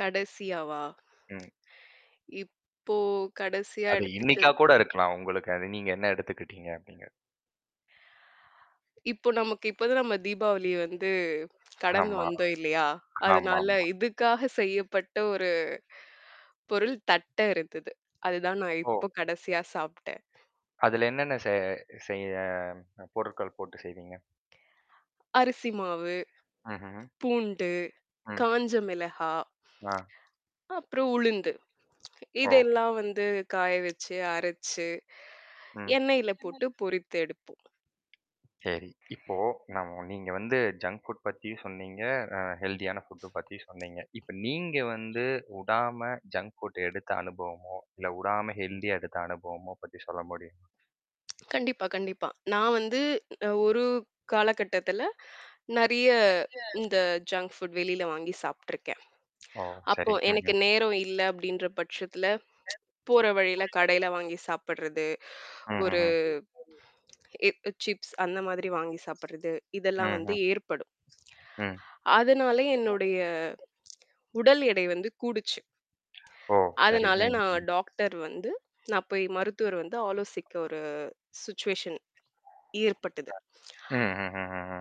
கடைசியாவா? ம். இப்போ கடைசியா அது இன்னைக்கா எடுத்துட்டது கூட இருக்கலாம் உங்களுக்கு. அது நீங்க என்ன எடுத்துக்கிட்டீங்க அப்படிங்க இப்போ நமக்கு இப்பதான் நம்ம தீபாவளிய வந்து கடந்து ஆமா. வந்தோம் இல்லையா? ஆமாமா. அதனால இதுக்காக செய்யப்பட்ட ஒரு பொருள் தட்டை இருந்தது. அதுதான் நான் ஓ! இப்போ கடைசியா சாப்புட்டேன். அதுல என்னென்ன செ செய்ய பொருட்கள் போட்டு செய்வீங்க? அரிசி மாவு, ம்ஹ்ஹ்ம். பூண்டு, ம். காஞ்ச மிளகா, ஆ. அப்புறம் உளுந்து ஓ! இதெல்லாம் வந்து காய வச்சு அரைச்சு ம். எண்ணெயில போட்டு பொரித்து எடுப்போம். சரி, இப்போ நம் நீங்க வந்து ஜங்க் ஃபுட் பத்தியும் சொன்னீங்க. அ ஹெல்த்தியான ஃபுட்டு பத்தியும் சொன்னீங்க. இப்ப நீங்க வந்து உடாம ஜங்க் ஃபுட்ட எடுத்த அனுபவமோ, இல்லை உடாம ஹெல்த்தியா எடுத்த அனுபவமோ பத்தி சொல்ல முடியுங் கண்டிப்பா, கண்டிப்பா. நான் வந்து ஒரு காலகட்டத்தில நிறைய இந்த ஜங்க் ஃபுட் வெளியில வாங்கி சாப்பிட்டுருக்கேன், ஓ! அப்போ சரி. எனக்கு ம்ஹ்ம். நேரம் இல்லை அப்படின்ற பட்சத்தில போற வழியில கடையில வாங்கி சாப்பிடறது. ஒரு ம்ஹ்ஹ்ம். இப்ப சிப்ஸ் அந்த மாதிரி வாங்கி சாப்பிடறது, இதெல்லாம் வந்து ம்ஹ்ம். ஏற்படும். ம். அதனால என்னுடைய உடல் எடை வந்து கூடிச்சு. ஓ, சரி. அதனால நான் ம். டாக்டர் வந்து நான் போய் மருத்துவர் வந்து ஆலோசிக்க ஒரு சிட்சுவேஷன் ஏற்பட்டது. அ ம்ஹ்ஹ்ஹ்ம்.